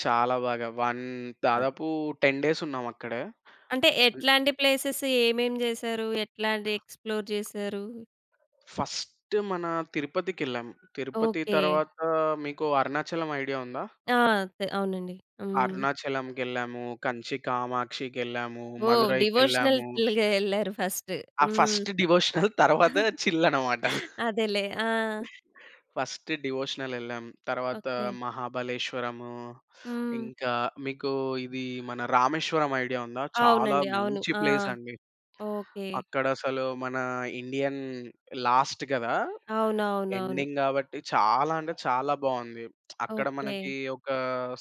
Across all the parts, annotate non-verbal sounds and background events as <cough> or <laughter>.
చాలా బాగా 1 అన్ దాదాపు 10 డేస్ ఉన్నాం అక్కడే. అంటే హ్మ్. ఎట్లాంటి ప్లేసెస్ ఏమేం జేసారు? ఎట్లాంటి ఎక్స్‌ప్లోర్ జేసారు? ఫస్ట్ మన తిరుపతికెళ్ళాం, తిరుపతి ఓకే. తరువాత మీకు అరుణాచలం ఐడియా ఉందా? ఆ! అంతే అవునండి. హ్మ్. అరుణాచలంకెళ్ళాము, కంచి కామాక్షికెళ్ళాము, ఓహ్! మధురైకెళ్ళాము. డివోషనల్‌గా ఎళ్లారు ఫస్టు. ఆ హ్మ్. ఫస్ట్ డివోషనల్, <giggles> తరువాత <giggles> చిల్ అన్నమాట. అదేలే. ఆ! ఫస్ట్ డివోషనలెళ్ళాం. తర్వాత ఓకే. మహాబలేశ్వరము, హ్మ్. ఇంకా మీకు ఇది మన రామేశ్వరం ఐడియా ఉందా? చాలా అవునండి. అవును. మంచి ఆ! ప్లేస్ అండి. ఓకే. అక్కడ అసలు మన ఇండియన్ లాస్ట్ గదా! అవునవునవును. ఎండింగ్ గాబట్టి చాలా అంటే చాలా బావుంది. <smacks lips> అక్కడ ఓకే. మనకి ఒక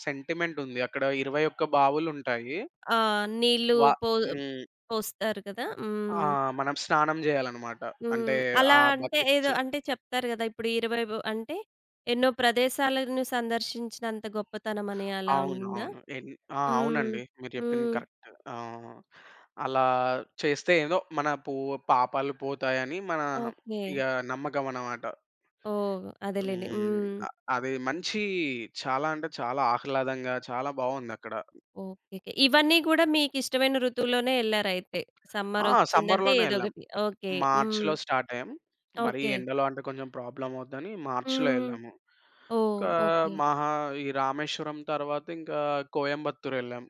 సెంటిమెంట్ ఉంది అక్కడ 21 బావులు ఉంటాయి. ఆహ్, నీళ్ళు వ పో హ్మ్. పోస్తారు గదా! ఆ! హ్మ్. మనం స్నానం జేయాలన్నమాట అంటే హ్మ్. అలా ఆ! అంటే ఏదో బకెట్స్ అంటే చెప్తారు గదా! ఇప్పుడు 20 వో అంటే ఎన్నో ప్రదేశాలను సందర్శించినంత గొప్పతనం అని అలా అవును. ఉందా? అవును. ఎన్ ఆ! హ్మ్. అవునండి. మీరు జెప్పింది హ్మ్. కరెక్ట్. ఆ! అలా చేస్తే ఏదో మన పూ పాపాలు పోతాయని మన ఇగ ఓకే. నమ్మకమన్నమాట. ఓహ్! అదేలెండి హ్మ్. హ్మ్. అ అది మంచి చాలా అంటే, చాలా ఆహ్లాదంగా చాలా బావుందక్కడ. ఓకేకే. ఇవన్నీ గూడా మీకిష్టమైన ఋతువులోనే ఎళ్లారయితే! సమ్మర్ ఆ! ఒచ్చిందంటే సమ్మర్‌లోనే ఏదో ఎళ్ళాం. ఒకటి ఓకే. హ్మ్. మార్చ్‌లో స్టార్ట్ అయ్యాం. మరీ ఓకే. ఎండలో అంటే కొంచెం ప్రాబ్లమ్ అవుద్దని మార్చ్‌లో హ్మ్. ఎళ్ళాము. ఓహ్! ఇంకా ఓకే. మహా ఈ రామేశ్వరం తరువాత ఇంకా కోయంబత్తూరెళ్ళాం.